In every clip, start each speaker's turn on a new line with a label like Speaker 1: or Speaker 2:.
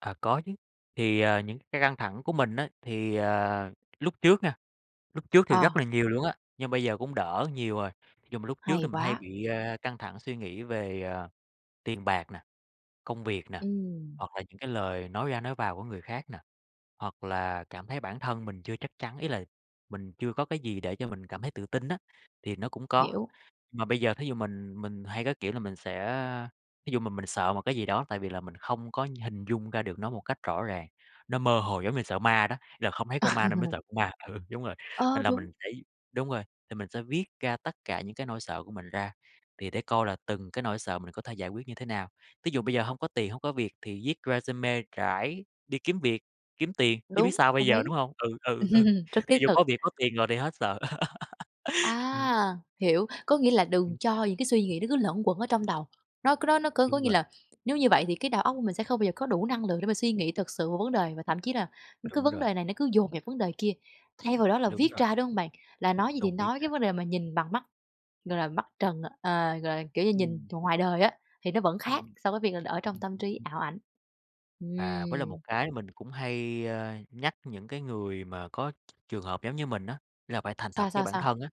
Speaker 1: À, có chứ. Thì, ờ, những cai căng thẳng của mình á thì, ờ, lúc trước nha, lúc trước thì rất
Speaker 2: Ờ.
Speaker 1: là nhiều luôn á, nhưng bây giờ cũng đỡ nhiều rồi. Ví dụ mà lúc trước thì
Speaker 2: Hay
Speaker 1: mình hay
Speaker 2: quá.
Speaker 1: bị, a, căng thẳng suy nghĩ về, à, tiền bạc nè, công việc nè,
Speaker 2: Ừm.
Speaker 1: hoặc là những cái lời nói ra nói vào của người khác nè, hoặc là cảm thấy bản thân mình chưa chắc chắn, ý là mình chưa có cái gì để cho mình cảm thấy tự tin á, thì nó cũng có.
Speaker 2: Hiểu.
Speaker 1: Mà bây giờ thí dụ mình mình hay có, kiểu là, mình sẽ, thí dụ mà mình sợ một cái gì đó tại vì là mình không có hình dung ra được nó một cách rõ ràng, nó mơ hồ giống như sợ ma đó, là không thấy con ma nên mới sợ con ma ừ, đúng rồi,
Speaker 2: Ơ,
Speaker 1: nên là
Speaker 2: đúng.
Speaker 1: mình phải đúng rồi, thì mình sẽ viết ra tất cả những cái nỗi sợ của mình ra, thì để coi là từng cái nỗi sợ mình có thể giải quyết như thế nào. Ví dụ bây giờ hông có tiền, hông có việc thì viết resume rải đi kiếm việc, kiếm tiền, chứ biết
Speaker 2: Đúng,
Speaker 1: sao bây
Speaker 2: đồng
Speaker 1: giờ,
Speaker 2: ý.
Speaker 1: đúng hông? Ừ, ừ, ừ,
Speaker 2: Rất thiết
Speaker 1: thí dụ
Speaker 2: thực.
Speaker 1: có việc có tiền rồi thì hết sợ, ừm.
Speaker 2: À! Hiểu. Có nghĩa là đừng
Speaker 1: Ừm.
Speaker 2: cho những cái suy nghĩ nó cứ luẩn quẩn ở trong đầu. Nó c nó nó có có
Speaker 1: Đúng
Speaker 2: nghĩa
Speaker 1: rồi.
Speaker 2: là nếu như vậy thì cái đầu óc của mình sẽ không bao giờ có đủ năng lượng để mà suy nghĩ thật sự vào vấn đề và thậm chí là cái
Speaker 1: Đúng
Speaker 2: vấn
Speaker 1: rồi.
Speaker 2: đề này nó cứ dồn vào vấn đề kia, thay vào đó là
Speaker 1: Đúng
Speaker 2: viết
Speaker 1: rồi.
Speaker 2: ra, đúng hông bạn? Là nói gì thì
Speaker 1: Tôn, viết
Speaker 2: nói
Speaker 1: ra.
Speaker 2: cái vấn đề mà nhìn bằng mắt, gọi là, mắt trần ờ, gọi là, kiểu như, nhìn
Speaker 1: Ừm.
Speaker 2: ngoài đời á, thì nó vẫn
Speaker 1: Ừm,
Speaker 2: khác
Speaker 1: ừm.
Speaker 2: so với việc là ở trong
Speaker 1: Ừm,
Speaker 2: tâm
Speaker 1: ừm,
Speaker 2: trí,
Speaker 1: ừm.
Speaker 2: ảo ảnh.
Speaker 1: À, với lại
Speaker 2: Ừm.
Speaker 1: một cái mình cũng hay, a, nhắc những cái người mà có trường hợp giống như mình á, nghĩa là phải thành
Speaker 2: Sao,
Speaker 1: thật với
Speaker 2: sao,
Speaker 1: bản
Speaker 2: sao?
Speaker 1: thân á,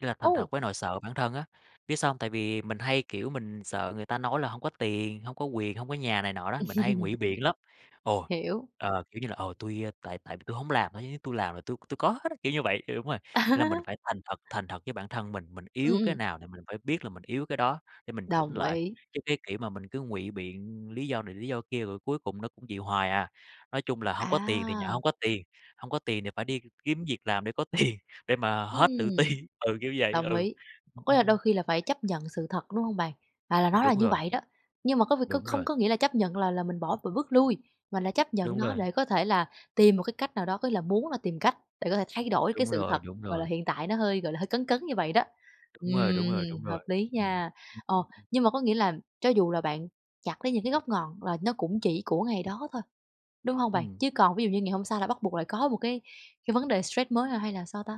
Speaker 1: nghĩa là thành
Speaker 2: Ồ!
Speaker 1: thật với nỗi sợ bản thân á. Biết sao hông, tại vì mình hay, kiểu, mình sợ người ta nói là hông có tiền, hông có quyền, hông có nhà này nọ đó, mình hay ngụy biện lắm, ồ,
Speaker 2: Hiểu.
Speaker 1: ờ, kiểu như là "Ờ, tui tại tại vì tui hổng làm thôi chứ tui làm là tui tui có hết á", kiểu như vậy. Đúng rồi, là mình phải thành thật thành thật với bản thân mình, mình
Speaker 2: Ừm,
Speaker 1: yếu cái
Speaker 2: ừm.
Speaker 1: nào thì mình phải biết là mình yếu cái đó để mình chỉnh
Speaker 2: Đồng
Speaker 1: lại,
Speaker 2: ý.
Speaker 1: chứ cái kiểu mà mình cứ ngụy biện lý do này, lý do kia rồi cuối cùng nó cũng vậy hoài à. Nói chung là hông có tiền thì nhận
Speaker 2: À.
Speaker 1: hông có tiền, hông có tiền thì phải đi kiếm việc làm để có tiền, để mà hết tự ti
Speaker 2: Ừm,
Speaker 1: ừ, kiểu vậy, ừ,
Speaker 2: đồng ý.
Speaker 1: ừm,
Speaker 2: Có nghĩa
Speaker 1: ừm,
Speaker 2: là đôi
Speaker 1: ừm.
Speaker 2: khi là phải chấp nhận sự thật, đúng hông bạn? À, là nó là
Speaker 1: Đúng
Speaker 2: như
Speaker 1: rồi.
Speaker 2: vậy đó, nhưng mà có việc có
Speaker 1: Đúng
Speaker 2: không
Speaker 1: rồi.
Speaker 2: có nghĩa là chấp nhận là là mình bỏ và bước lui, mà là chấp nhận
Speaker 1: Đúng
Speaker 2: nó
Speaker 1: rồi.
Speaker 2: để có thể là tìm một cái cách nào đó, có nghĩa là muốn là tìm cách để có thể thay đổi cái
Speaker 1: Đúng
Speaker 2: sự
Speaker 1: rồi,
Speaker 2: thật,
Speaker 1: đúng
Speaker 2: gọi là,
Speaker 1: rồi.
Speaker 2: hiện tại nó hơi, gọi là, hơi cấn cấn như vậy đó,
Speaker 1: Đúng rồi, đúng rồi,
Speaker 2: ừm,
Speaker 1: đúng
Speaker 2: hợp
Speaker 1: rồi,
Speaker 2: lý
Speaker 1: ừm,
Speaker 2: nha.
Speaker 1: ừm,
Speaker 2: Ờ,
Speaker 1: ừm, ừm.
Speaker 2: nhưng mà có nghĩa là cho dù là bạn chặt lấy những cái gốc ngọn là nó cũng chỉ của ngày đó thôi, đúng hông bạn?
Speaker 1: Ừm.
Speaker 2: Chứ còn ví dụ như ngày hôm sau là bắt buộc lại có một cái cái vấn đề stress mới hay là sao ta?